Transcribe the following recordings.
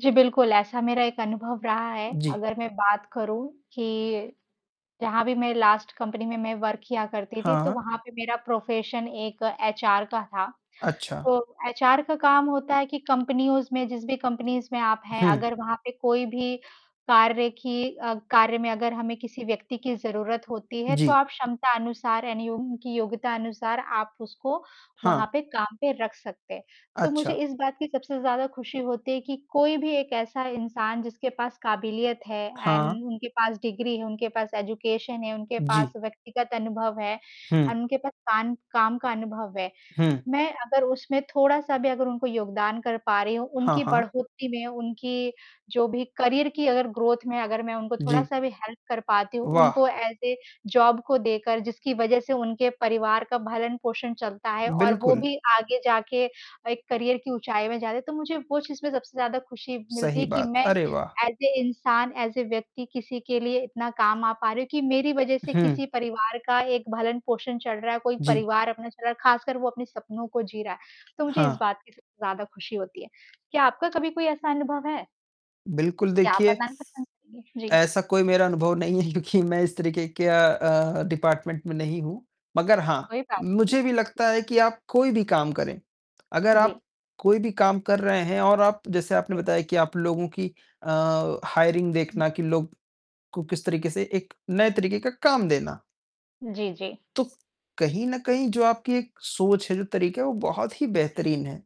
जी, बिल्कुल ऐसा मेरा एक अनुभव रहा है, जी। अगर मैं बात करूँ कि, जहाँ भी मैं लास्ट कंपनी में मैं वर्क किया करती थी, तो हाँ। वहाँ पे मेरा प्रोफ़ेशन एक एचआर का था। अच्छा। तो एचआर का काम होता है कि कंपनीयोज़ में, जिस भी कंपनीज़ में आप हैं, हुँ। अगर वहाँ पे कोई भी कार्य की अ, कार्य में अगर हमें किसी व्यक्ति की ज़रूरत होती है, तो जी। आप क्षमता अनुसार [unintelligible] उनकी योग्यता अनुसार आप उसको हाँ। वहाँ पे काम पे रख सकते हैं। तो मुझे अच्छा। इस बात की सबसे ज़्यादा ख़ुशी होती है कि कोई भी एक ऐसा इंसान जिसके पास काबिलियत है हाँ। एंड उनके पास डिग्री है, उनके पास एजुकेशन है, उनके पास जी। व्यक्तिगत अनुभव है, हुँ। एंड उनके पास काम काम का अनुभव है। हुँ। मैं अगर उसमें थोड़ा-सा भी अगर उनको योगदान कर पा रही हूँ, हाँ, उनकी हाँ। बढ़ोतरी में, उनकी जो भी करियर की अगर ग्रोथ में अगर मैं उनको जी। थोड़ा-सा भी हेल्प कर पाती हूँ, वाह! उनको एज़ अ जॉब को देकर जिसकी वज़ह से उनके परिवार का भरण-पोषण चलता है और वो बिल्कुल। भी आगे जाके एक करियर की ऊँचाई में जा रहे। तो मुझे वो चीज़ में सबसे ज़्यादा ख़ुशी मिलती सही है कि बात, मैं अरे वाह! एज़ अ इंसान एज़ अ व्यक्ति किसी के लिए इतना काम आ पा रही हूँ, कि मेरी वजह से हुँ। किसी परिवार का एक भरण-पोषण चल रहा है, कोई जी। परिवार अपना चला रहा, ख़ासकर वो अपने सपनों को जी रहा है। तो मुझे इस हाँ। बात की सबसे ज़्यादा ख़ुशी होती है, क्या आपका कभी कोई ऐसा अनुभव है? बिल्कुल, क्या आप देखिए बताना [unintelligible] जी। ऐसा कोई मेरा अनुभव नहीं है क्योंकि मैं इस तरीके के अ अ, डिपार्टमेंट में नहीं हूँ। मगर हाँ, कोई बात नहीं। मुझे भी लगता है कि आप कोई भी काम करें, अगर आप जी। कोई भी काम कर रहे हैं और आप जैसे आपने जी। बताया कि आप लोगों की अ, हायरिंग उ देखना कि लोग को किस तरीके से एक नए तरीके का काम देना। जी, जी। तो, कहीं न कहीं जो आपकी एक सोच है, जो तरीका है वो बहुत ही हुँ। बेहतरीन है।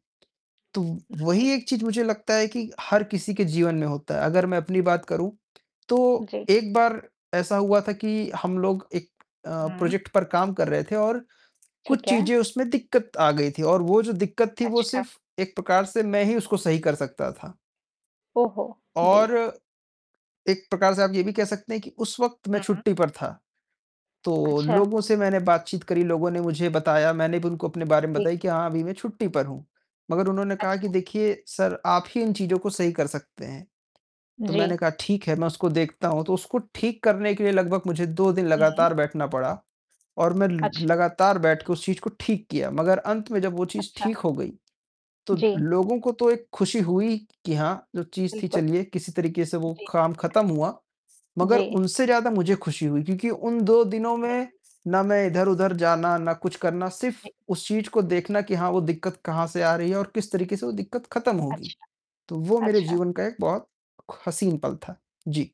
तो हुँ वही जी। एक चीज़ मुझे लगता है कि हर किसी के जीवन में होता है, अगर मैं अपनी बात जी। करूँ, तो जी। एक बार ऐसा हुआ था कि हम लोग एक अ, हुँ। प्रोजेक्ट पर काम कर रहे थे और कुछ ठीक है। चीज़ें उसमें दिक्कत आ गई थी और वो जो दिक्कत थी, वो अच्छा। सिर्फ़ एक प्रकार से मैं ही उसको सही कर सकता था। ओह हो! और, जी। एक प्रकार से आप ये भी कह सकते हैं कि उस वक़्त मैं हुँ। छुट्टी पर था। तो अच्छा। लोगों से मैंने बातचीत करी, लोगों ने मुझे बताया, मैंने भी उनको अपने बारे में जी। बताया कि हाँ, अभी मैं छुट्टी पर हूँ, मगर उन्होंने कहा कि अच्छा। देखिए सर, आप ही इन चीज़ों को सही कर सकते हैं। तो जी। मैंने कहा ठीक है, मैं उसको देखता हूँ, तो उसको ठीक करने के लिए लगभग मुझे 2 दिन हुँ। लगातार बैठना पड़ा और मैं ल अच्छा। लगातार बैठके उस चीज़ को ठीक किया। मगर अंत में जब वो चीज़ अच्छा। ठीक हो गई, तो जी। लोगों को तो एक ख़ुशी हुई कि हाँ, जो चीज़ थी बिल्कुल। चलिए किसी तरीके से वो जी। काम ख़त्म हुआ, मगर जी। उनसे ज़्यादा मुझे ख़ुशी हुई। क्योंकि उन 2 दिनों हाँ में, जी। ना मैं इधर-उधर जाना, ना कुछ करना, सिर्फ़ जी। उस चीज़ को देखना कि हाँ, वो दिक्कत कहाँ से आ रही है और किस तरीके से वो दिक्कत खत्म होगी। अच्छा। तो वो मेरे अच्छा। जीवन का एक बहुत ख हसीन पल था। जी।